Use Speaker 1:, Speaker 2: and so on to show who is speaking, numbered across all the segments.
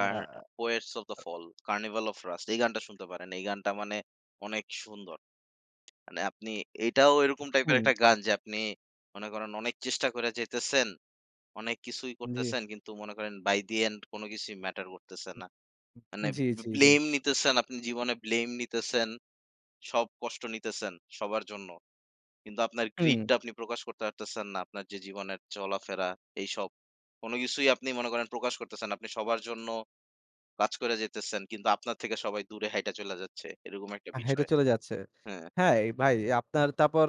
Speaker 1: A Poets of the Fall, 'Carnival of Rust' এই গানটা শুনতে পারেন, এই গানটা মানে অনেক সুন্দর। মানে আপনি এটাও এরকম টাইপের
Speaker 2: হুম।
Speaker 1: একটা গান যে আপনি মনে করেন অনেক চেষ্টা করে যাইতেছেন, অনেক কিছুই
Speaker 2: জি।
Speaker 1: করতেছেন কিন্তু মনে করেন by the end কোনো কিছুই matter করতেছে না। মানে
Speaker 2: জি,
Speaker 1: বে
Speaker 2: জি, জি।
Speaker 1: blame নিতেছেন, আপনি জীবনে blame নিতেছেন, সব কষ্ট নিতেছেন সবার জন্য। কিন্তু আপনার
Speaker 2: হুম।
Speaker 1: greed টা আপনি প্রকাশ করতে পারতেছেন না, আপনার যে জীবনের চলাফেরা এইসব, কোনো কিছুই আপনি মনে করেন প্রকাশ করতেছেন। আপনি সবার জন্য কাজ করে যেতেছেন, কিন্তু আপনার থেকে সবাই দূরে হাঁইটা চইলা যাচ্ছে, এরকম একটা
Speaker 2: এ হেটে
Speaker 1: বিষয়।
Speaker 2: চলে যাচ্ছে।
Speaker 1: হ্যাঁ।
Speaker 2: হ্যাঁ, ভাই আপনার তারপর,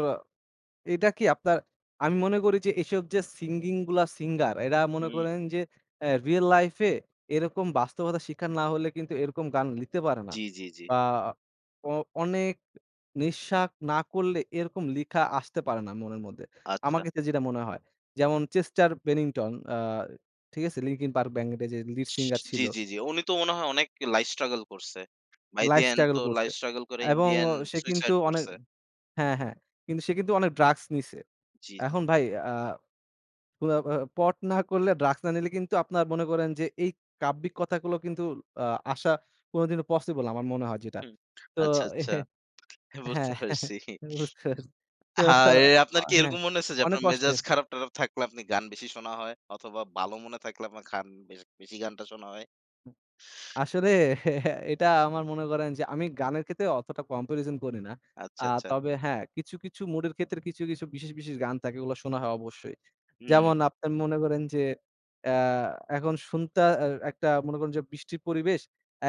Speaker 2: এটা কি আপনার আমি মনে করি যে এসব যে, singing গুলা singer এরা মনে
Speaker 1: হুম।
Speaker 2: করেন যে অ্যা real life এ এরকম বাস্তবতা শিকার না হলে কিন্তু এরকম গান লিখতে পারে না।
Speaker 1: জি, জি, জি।
Speaker 2: বা অ অনেক নিঃশ্বাস না করলে এরকম লেখা আসতে পারে না মনের মধ্যে, আমার
Speaker 1: আচ্ছা।
Speaker 2: ক্ষেত্রে যেটা মনে হয়। যেমন Chester Bennington, আ ঠিক আছে? Linkin Park band-এর যে lead
Speaker 1: সস
Speaker 2: singer
Speaker 1: জি,
Speaker 2: ছিল।
Speaker 1: জি, জি। উনি তো মনে হয় অনেক life struggle করছে। By the
Speaker 2: life
Speaker 1: end তো
Speaker 2: struggle করছে
Speaker 1: life struggle করে in the
Speaker 2: এবং
Speaker 1: end
Speaker 2: সে কিন্তু
Speaker 1: suicide
Speaker 2: অনেক
Speaker 1: করছে।
Speaker 2: হ্যাঁ, হ্যাঁ কিন্তু সে কিন্তু অনেক drugs নিছে।
Speaker 1: জি, জি।
Speaker 2: এখন ভাই, আ [unintelligible] pot না করলে drugs না নিলে কিন্তু আপনার মনে করেন যে, এই কাব্যিক কথাগুলো কিন্তু আ আসা কোনোদিনও possible আমার মনে হয় যেটা।
Speaker 1: হুম।
Speaker 2: তো
Speaker 1: আচ্ছা, আচ্ছা। বুঝতে
Speaker 2: হ্যাঁ,
Speaker 1: পারছি।
Speaker 2: বুঝতে পারছি। তো
Speaker 1: হায়!
Speaker 2: আ
Speaker 1: আপনার কি
Speaker 2: হ্যাঁ,
Speaker 1: এরকম মনে হয়েছে যে,
Speaker 2: অনেক
Speaker 1: আপনার মেজাজ
Speaker 2: কষ্টের।
Speaker 1: খারাপ-টাপার থাকলে আপনি গান বেশি শোনা হয়? অথবা ভালো মনে থাকলে আপনার খান বেশ বেশি গানটা শোনা হয়?
Speaker 2: আসলে এটা আমার মনে করেন যে আমি গানের ক্ষেত্রে অতটা comparison করি না। আ
Speaker 1: আচ্ছা, আচ্ছা।
Speaker 2: তবে হ্যাঁ, কিছু, কিছু mood এর ক্ষেত্রে কিছু, কিছু বিশেষ, বিশেষ গান থাকে ওগুলা শোনা হয় অবশ্যই।
Speaker 1: হুম।
Speaker 2: যেমন আপনি মনে করেন যে, অ্যা এখন শুনতা অ্যা একটা মনে করেন যে বৃষ্টির পরিবেশ,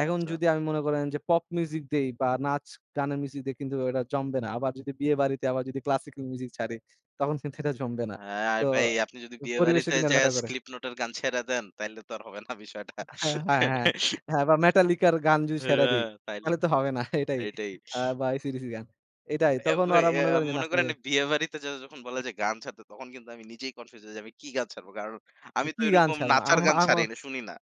Speaker 2: এখন
Speaker 1: আচ্ছা।
Speaker 2: যদি আমি মনে করেন যে pop music দেই বা নাচ-গানের music দেই কিন্তু ব্যাপারটা জমবে না। আবার যদি বিয়ে বাড়িতে আবার যদি classical music ছাড়ি তখন কিন্তু এটা জমবে না।
Speaker 1: হ্যাঁ
Speaker 2: তো
Speaker 1: ভাই, আপনি যদি বিয়ে
Speaker 2: পরিবেশে
Speaker 1: বাড়িতে
Speaker 2: কিন্তু একটা
Speaker 1: যাইয়া
Speaker 2: matter করে।
Speaker 1: Slipknot এর গান ছেড়ে দেন তাইলে তো আর হবে না বিষয়টা।
Speaker 2: হ্যাঁ, হ্যাঁ, হ্যাঁ, বা Metallica-র গান যদি ছাইড়া দি
Speaker 1: হ্যাঁ, তাইলে
Speaker 2: তাহলে
Speaker 1: তো
Speaker 2: তো হবে না, এটাই।
Speaker 1: এইটাই।
Speaker 2: আ বা AC-DC র গান, এটাই।
Speaker 1: এব
Speaker 2: তখন
Speaker 1: ভাই
Speaker 2: ওরা মনে
Speaker 1: অ্যা
Speaker 2: করেন যে
Speaker 1: মনে
Speaker 2: নাচতে
Speaker 1: করেন বিয়ে বাড়িতে য যখন বলে যে গান ছাড়তে তখন কিন্তু আমি নিজেই confused যে আমি কি গান ছাড়বো? কারণ আমি তো
Speaker 2: কি গান
Speaker 1: এরকম
Speaker 2: ছাড়বো?
Speaker 1: নাচার
Speaker 2: আহমো
Speaker 1: গান ছাড়ি
Speaker 2: আহমো
Speaker 1: ন শুনি না।